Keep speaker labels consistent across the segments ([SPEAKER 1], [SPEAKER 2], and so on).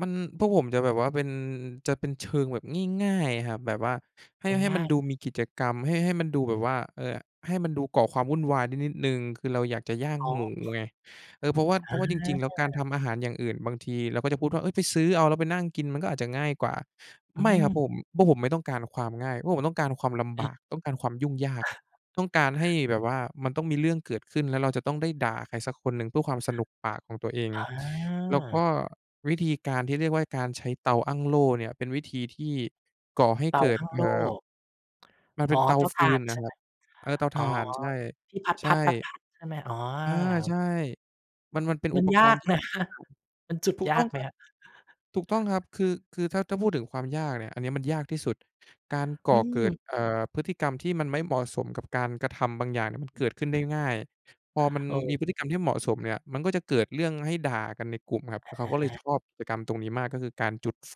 [SPEAKER 1] มัน พวกผมจะแบบว่าเป็น จะเป็นเชิงแบบง่าย ๆ ครับ แบบว่าให้ ให้
[SPEAKER 2] ง
[SPEAKER 1] ม
[SPEAKER 2] ่
[SPEAKER 1] ัน
[SPEAKER 2] าย ๆ
[SPEAKER 1] ดูมีกิจกรรม ให้ ให้มันดูแบบว่า เออ ให้มันดูก่อความวุ่นวายนิด นิดหนึ่ง คือเราอยากจะย่าง
[SPEAKER 2] อ๋
[SPEAKER 1] หมู
[SPEAKER 2] อ
[SPEAKER 1] ไง เออ เพราะว่า เพร
[SPEAKER 2] อ
[SPEAKER 1] าะว่าจริง ๆ แล้วการท
[SPEAKER 2] า
[SPEAKER 1] ำอาหารอย่างอื่น บางทีเราก็จะพูดว่า เฮ้ย ไปซื้อเอา แล้วไปนั่งกินมันก็อาจจะง่ายกว่า
[SPEAKER 2] อ
[SPEAKER 1] ไม่ครับผ
[SPEAKER 2] ือ
[SPEAKER 1] ม พวกผมไม่ต้องการความง่าย พวกผมต้องการความลำบ
[SPEAKER 2] อ
[SPEAKER 1] าก ต้องการความยุ่งยาก ต้องการให้แบบว่ามันต้องมีเรื่องเกิดขึ้น แล้วเราจะต้องได้ด่าใครสักคนหนึ่ง เพื่อความสนุกปากของตัวเอง
[SPEAKER 2] อ
[SPEAKER 1] แล้วก็
[SPEAKER 2] า
[SPEAKER 1] วิธีการที่เรียกว่าการใช้เตาอั้งโล่เนี่ย เป็นวิธีที่ก่อให้
[SPEAKER 2] เต
[SPEAKER 1] เ
[SPEAKER 2] า
[SPEAKER 1] กิด
[SPEAKER 2] อั้ง
[SPEAKER 1] เ
[SPEAKER 2] โ
[SPEAKER 1] อ
[SPEAKER 2] ล
[SPEAKER 1] ่
[SPEAKER 2] ่
[SPEAKER 1] อ มันเป
[SPEAKER 2] อ
[SPEAKER 1] ็
[SPEAKER 2] ๋
[SPEAKER 1] น
[SPEAKER 2] อ
[SPEAKER 1] เตา
[SPEAKER 2] เตา
[SPEAKER 1] ฟ
[SPEAKER 2] ถ
[SPEAKER 1] ื
[SPEAKER 2] ่า
[SPEAKER 1] น
[SPEAKER 2] น
[SPEAKER 1] น
[SPEAKER 2] ใ
[SPEAKER 1] ่
[SPEAKER 2] ช
[SPEAKER 1] ะ
[SPEAKER 2] ่
[SPEAKER 1] ค
[SPEAKER 2] ไ
[SPEAKER 1] ร
[SPEAKER 2] ห
[SPEAKER 1] ั
[SPEAKER 2] ม?
[SPEAKER 1] บ เออ เตา
[SPEAKER 2] อ
[SPEAKER 1] ถ
[SPEAKER 2] ๋อ
[SPEAKER 1] ่าน ใช่
[SPEAKER 2] ที่
[SPEAKER 1] ใช
[SPEAKER 2] พ
[SPEAKER 1] ่
[SPEAKER 2] ัด ๆ ๆ ๆ ใช่ไหม? อ๋อ
[SPEAKER 1] อา ใช่ มัน มันเป็น
[SPEAKER 2] ม
[SPEAKER 1] อ
[SPEAKER 2] ั
[SPEAKER 1] ุ
[SPEAKER 2] น
[SPEAKER 1] ป
[SPEAKER 2] ย
[SPEAKER 1] ก
[SPEAKER 2] า
[SPEAKER 1] รณ์
[SPEAKER 2] ก
[SPEAKER 1] ที่
[SPEAKER 2] นะคะ
[SPEAKER 1] [unintelligible]
[SPEAKER 2] มันจุด
[SPEAKER 1] ถูก
[SPEAKER 2] ย
[SPEAKER 1] ต
[SPEAKER 2] า
[SPEAKER 1] ้อ
[SPEAKER 2] ก
[SPEAKER 1] ง
[SPEAKER 2] ไห
[SPEAKER 1] ค
[SPEAKER 2] ม
[SPEAKER 1] รับ
[SPEAKER 2] คะ?
[SPEAKER 1] ถูกต้องครับ คือ คือถ้า ถ้าพูดถึงความยากเนี่ย อันนี้มันยากที่สุด การก่
[SPEAKER 2] อื
[SPEAKER 1] อเกิด
[SPEAKER 2] ม
[SPEAKER 1] เอ่อ พฤติกรรมที่มันไม่เหมาะสมกับการกระทำบางอย่างเนี่ย มันเกิดขึ้นได้ง่าย พอมัน
[SPEAKER 2] เ
[SPEAKER 1] ม
[SPEAKER 2] ออ
[SPEAKER 1] ีพฤติกรรมที่เหมาะสมเนี่ย มันก็จะเกิดเรื่องให้ด่ากันในกลุ่มครับ
[SPEAKER 2] อ
[SPEAKER 1] เขาก็เลย
[SPEAKER 2] า
[SPEAKER 1] ชอบกิจกรรมตรงนี้มาก ก็คือการจุดไฟ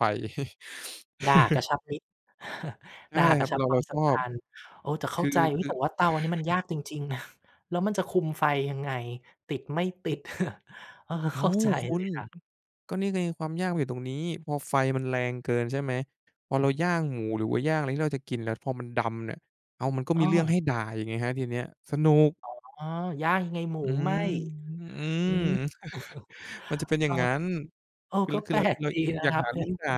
[SPEAKER 2] ด่ากระชับมิตร
[SPEAKER 1] ใช่
[SPEAKER 2] ด่า
[SPEAKER 1] ค
[SPEAKER 2] ก
[SPEAKER 1] ร
[SPEAKER 2] ร
[SPEAKER 1] ั
[SPEAKER 2] ะ
[SPEAKER 1] บ
[SPEAKER 2] ชั
[SPEAKER 1] เ
[SPEAKER 2] บ
[SPEAKER 1] รา
[SPEAKER 2] คว
[SPEAKER 1] เราก
[SPEAKER 2] า
[SPEAKER 1] ็
[SPEAKER 2] ม
[SPEAKER 1] ช
[SPEAKER 2] สัม
[SPEAKER 1] อ
[SPEAKER 2] พ
[SPEAKER 1] บ
[SPEAKER 2] ันธ์ เออ แต่เ
[SPEAKER 1] ค
[SPEAKER 2] ข้า
[SPEAKER 1] ือ
[SPEAKER 2] ใจ อุ๊
[SPEAKER 1] ค
[SPEAKER 2] ย
[SPEAKER 1] ื
[SPEAKER 2] แ
[SPEAKER 1] อ
[SPEAKER 2] ต่ว่าเตาอันนี้มันยากจริง ๆ นะ แล้วมันจะคุมไฟยังไง ติด ไม่ติด เออ
[SPEAKER 1] อ้
[SPEAKER 2] เ
[SPEAKER 1] า
[SPEAKER 2] ข้า
[SPEAKER 1] ว
[SPEAKER 2] ใจ
[SPEAKER 1] คุ
[SPEAKER 2] เล
[SPEAKER 1] ณ
[SPEAKER 2] ยนะ
[SPEAKER 1] ก็นี่ไง ความยากมันอยู่ตรงนี้ พอไฟมันแรงเกิน ใช่ไหม พอ
[SPEAKER 2] อ
[SPEAKER 1] เราย่
[SPEAKER 2] ือ
[SPEAKER 1] างหมู หรือว่าย่างอะไร ที่เราจะกิน แล้วพอมันดำเนี่ย อ้าว มันก็มีเรื่อง
[SPEAKER 2] เออ
[SPEAKER 1] ให้ด่าอีกไงครับทีเนี้ย สนุก
[SPEAKER 2] อ๋อ ย่างยังไงหมู
[SPEAKER 1] อื
[SPEAKER 2] ไหม้
[SPEAKER 1] อ อื
[SPEAKER 2] อื
[SPEAKER 1] ม
[SPEAKER 2] ม
[SPEAKER 1] มันจะเป็นอย
[SPEAKER 2] เ
[SPEAKER 1] ่
[SPEAKER 2] อ
[SPEAKER 1] าง
[SPEAKER 2] อ
[SPEAKER 1] งั้น
[SPEAKER 2] เออ
[SPEAKER 1] คือ
[SPEAKER 2] ก
[SPEAKER 1] ร
[SPEAKER 2] ็
[SPEAKER 1] ค
[SPEAKER 2] แ
[SPEAKER 1] ื
[SPEAKER 2] ป
[SPEAKER 1] อเ
[SPEAKER 2] ล
[SPEAKER 1] รา ค
[SPEAKER 2] ก
[SPEAKER 1] ือเรา
[SPEAKER 2] ดีนะ
[SPEAKER 1] อยา
[SPEAKER 2] ค
[SPEAKER 1] ก
[SPEAKER 2] รับ
[SPEAKER 1] หา
[SPEAKER 2] ผ
[SPEAKER 1] เรื่อง
[SPEAKER 2] ม
[SPEAKER 1] ด่า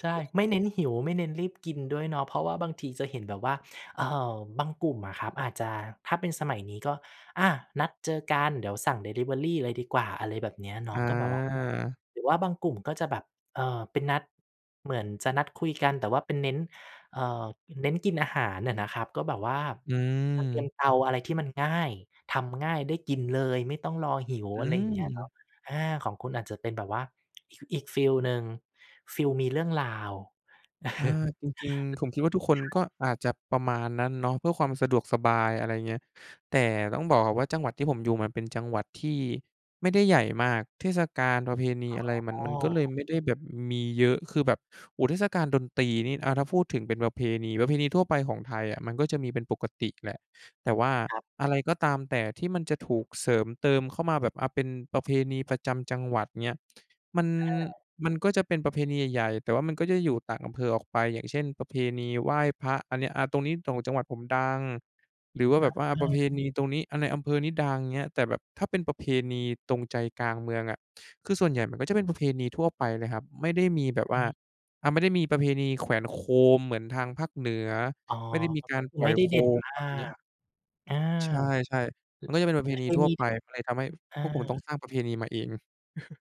[SPEAKER 2] ใช่ ไม่เน้นหิว ไม่เน้นรีบกินด้วยเนาะ เพราะว่าบางทีจะเห็นแบบว่า เอ่อ บางกลุ่มอะครับ อาจจะ ถ้าเป็นสมัยนี้ก็ อา นัดเจอกัน เดี๋ยวสั่งดิลิเวอรีเลยดีกว่า อะไรแบบเนี้ยเนา
[SPEAKER 1] อ
[SPEAKER 2] ะ ก็แบบว่า
[SPEAKER 1] า
[SPEAKER 2] หรือว่าบางกลุ่มก็จะแบบ เอ่อ เป็นนัด เหมือนจะนัดคุยกัน แต่ว่าเป็นเน้น เอ่อ ป เน้นกินอาหารน่ะนะครับ ก็แบบว่า
[SPEAKER 1] อื
[SPEAKER 2] จะเตรียม
[SPEAKER 1] ม
[SPEAKER 2] เตาอะไรที่มันง่าย ทำง่าย ได้กินเลย ไม่ต้องรอหิว
[SPEAKER 1] อื
[SPEAKER 2] อะไรอย่างเงี้ยเนา
[SPEAKER 1] ม
[SPEAKER 2] ะ อา ของคุณอาจจะเป็นแบบว่า อีก อีกฟีลหนึ่ง ฟิลมีเรื่องราว
[SPEAKER 1] อา จ
[SPEAKER 2] ใ
[SPEAKER 1] ริง ๆ ผมคิดว่าทุกคน
[SPEAKER 2] ช
[SPEAKER 1] ก็
[SPEAKER 2] ่
[SPEAKER 1] อาจจะประมาณนั้นเนาะ เพื่อความสะดวกสบาย อะไรอย่างเงี้ย แต่ต้องบอกก่อนว่า จังหวัดที่ผมอยู่มันเป็นจังหวัดที่ไม่ได้ใหญ่มาก เทศกาล ประเพณีอะไร มั
[SPEAKER 2] อ
[SPEAKER 1] น
[SPEAKER 2] ๋อ
[SPEAKER 1] มันก็เลยไม่ได้แบบมีเยอะ คือแบบ โอ้ เทศกาลดนตรีนี่ อา ถ้าพูดถึงเป็นประเพณี ประเพณีทั่วไปของไทยอะ มันก็จะมีเป็นปกติแหละ แต่ว่า
[SPEAKER 2] ครับ
[SPEAKER 1] อะไรก็ตามแต่ที่มันจะถูกเสริมเติมเข้ามาแบบ อะ เป็นประเพณีประจำจังหวัด อย่างเงี้ย มัน
[SPEAKER 2] อา
[SPEAKER 1] มันก็จะเป็นประเพณีใหญ่ ๆ แต่ว่ามันก็จะอยู่ต่างอำเภอออกไป อย่างเช่น ประเพณีไหว้พระ อันนี้ อา ตรงนี้ตรงจังหวัดผมดัง หรือว่า
[SPEAKER 2] อ
[SPEAKER 1] แบบว่า ประเพ
[SPEAKER 2] า
[SPEAKER 1] ณีตรงนี้ อา ในอำเภอนี้ดัง อย่างเงี้ย แต่แบบถ้าเป็นประเพณีตรงใจกลางเมืองอะ คือส่วนใหญ่มันก็จะเป็นประเพณีทั่วไปเลยครับ ไม่ได้มีแบบ
[SPEAKER 2] อ
[SPEAKER 1] ว
[SPEAKER 2] ื
[SPEAKER 1] ่า
[SPEAKER 2] ม
[SPEAKER 1] อา ไม่ได้มีประเพณีแขวนโคมเหมือนทางภาคเหนือ
[SPEAKER 2] อ๋อ
[SPEAKER 1] ไม่ได้มี
[SPEAKER 2] มัน
[SPEAKER 1] ก
[SPEAKER 2] ก
[SPEAKER 1] า
[SPEAKER 2] ็
[SPEAKER 1] ร
[SPEAKER 2] คื
[SPEAKER 1] ป
[SPEAKER 2] อ
[SPEAKER 1] ล่
[SPEAKER 2] ไม
[SPEAKER 1] อย
[SPEAKER 2] ่ได้
[SPEAKER 1] โค
[SPEAKER 2] เด่น
[SPEAKER 1] ม
[SPEAKER 2] มา
[SPEAKER 1] ประมาณเนี้ย
[SPEAKER 2] ก อา
[SPEAKER 1] ใช่ ๆ มันก็จะเป็นประเพ
[SPEAKER 2] อา
[SPEAKER 1] ณ
[SPEAKER 2] เ
[SPEAKER 1] ี
[SPEAKER 2] คย
[SPEAKER 1] ทั่
[SPEAKER 2] ม
[SPEAKER 1] ว
[SPEAKER 2] ี ด
[SPEAKER 1] ไป มันเลยทำให้ พ
[SPEAKER 2] อา
[SPEAKER 1] พวกผมต้องสร้างประเพณีมาเอง